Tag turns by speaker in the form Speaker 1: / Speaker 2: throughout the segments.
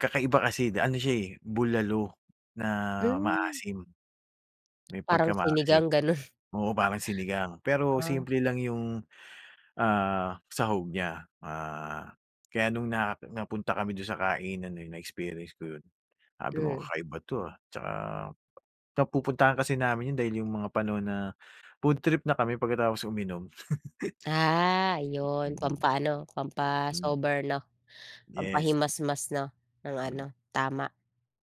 Speaker 1: Kakaiba kasi, ano siya eh, bulalo na
Speaker 2: Hmm.
Speaker 1: maasim, may
Speaker 2: Parang
Speaker 1: pagka-maasim.
Speaker 2: sinigang, gano'n.
Speaker 1: Oo, parang sinigang, pero
Speaker 2: Ah.
Speaker 1: simple lang yung ah, sahog niya. Ah, kaya nung na napunta kami do'n sa kainan na yun na-experience ko yun, sabi ko,
Speaker 2: Mm.
Speaker 1: "Kakaiba 'to ah." 'Tsaka napupuntahan kasi namin yun dahil yung mga pano na food trip na kami pagkatapos uminom.
Speaker 2: Ah, yun. Pampa-ano, pampa-sober, 'no.
Speaker 1: Yes.
Speaker 2: Pampahimasmas, 'no, ng ano, tama.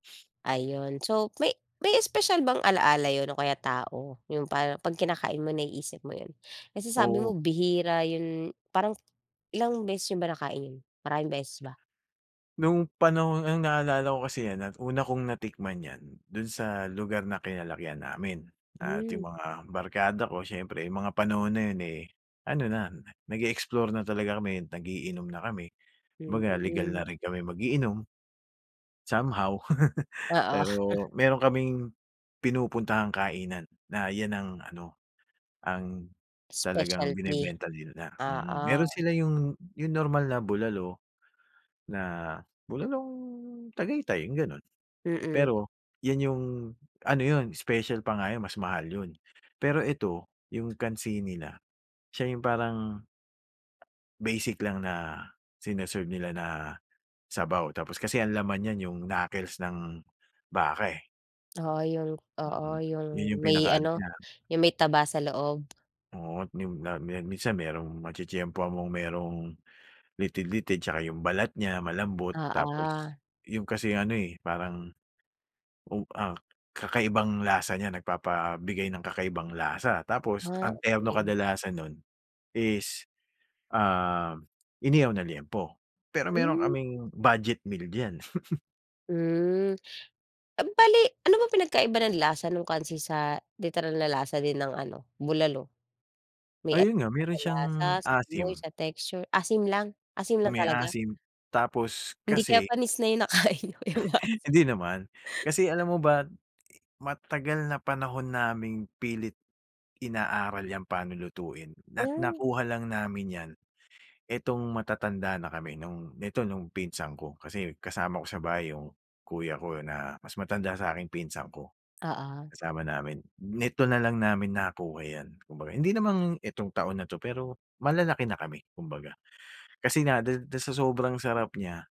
Speaker 2: Ayun so, may may espesyal bang alaala yun o kaya tao? Yung par 'pag kinakain mo naiisip mo yun? Kasi sabi
Speaker 1: Oo.
Speaker 2: mo bihira yun parang, ilang beses niyo ba nakain yun? Maraming beses ba?
Speaker 1: No'ng panahon ang naaalala ko kasi 'yan at una kong natikman 'yan, do'n sa lugar na kinalakihan namin at yung
Speaker 2: Hmm.
Speaker 1: mga barkada ko siyempre yung mga panahon na yun eh, ano na nag-e-explore na talaga kami, nag-iinom na kami. Kumbaga legal na
Speaker 2: Mm.
Speaker 1: rin kami mag-iinom. Somehow,
Speaker 2: Oo.
Speaker 1: pero meron kaming, pinupuntahang kainan na 'yan ang ano, ang talagang
Speaker 2: Specialty.
Speaker 1: binebenta nila, mm. Meron
Speaker 2: Oo.
Speaker 1: sila yung, yung normal na bulalo na bulalong Tagaytay yung gano'n.
Speaker 2: Mm.
Speaker 1: Pero yun yung, ano yun special pa nga yun mas mahal yun Pero ito, yung kansini nila, siya yung parang ...basic lang na sini-serve nila na sabaw. Tapos kasi ang laman 'yan yung knuckles ng baka, eh.
Speaker 2: Oo, yung oo,
Speaker 1: Mm.
Speaker 2: yung,
Speaker 1: 'Yun yung
Speaker 2: may
Speaker 1: pinaka-ano
Speaker 2: ano
Speaker 1: niya.
Speaker 2: yung may taba sa loob.
Speaker 1: Oo, yun-a minsan merong matitiyempohan mong merong, litid-litid, 'tsaka yung balat niya malambot, tapos
Speaker 2: Oo.
Speaker 1: yung kasi ano eh, parang, oh ah, kakaibang lasa niya, nagpapabigay ng kakaibang lasa. Tapos
Speaker 2: Ah,
Speaker 1: ang terno
Speaker 2: okey.
Speaker 1: kadalasan no'n is ah, inihaw na liempo. Pero meron
Speaker 2: Hmm.
Speaker 1: kaming budget meal diyan.
Speaker 2: Hmm, bale ano ba pinagkaiba ng lasa nung kansi sa literal na lasa din ng ano, bulalo? May
Speaker 1: Ayun nga
Speaker 2: pinagkaiba
Speaker 1: meron
Speaker 2: ba
Speaker 1: siyang
Speaker 2: sa lasa, sa amoy,
Speaker 1: asim.
Speaker 2: sa texture? Asim lang, asim lang
Speaker 1: May
Speaker 2: talaga?
Speaker 1: asim, tapos,
Speaker 2: Hindi kaya
Speaker 1: kasi
Speaker 2: panis na yung nakain niyo, kaya maasim.
Speaker 1: Hindi naman Kasi alam mo ba, matagal na panahon naming pilit inaaral 'yan paano lutuin at
Speaker 2: Oh.
Speaker 1: nakuha lang namin 'yan etong matatanda na kami no'ng, nito nung pinsan ko, kasi kasama ko sa bahay yung kuya ko na mas matanda sa'king pinsan ko,
Speaker 2: Oo.
Speaker 1: kasama namin. Nito na lang namin nakuha yan. Kumbaga, hindi naman itong taon na 'to, pero malalaki na kami kumbaga, kasi na dis do'n sa sobrang sarap niya.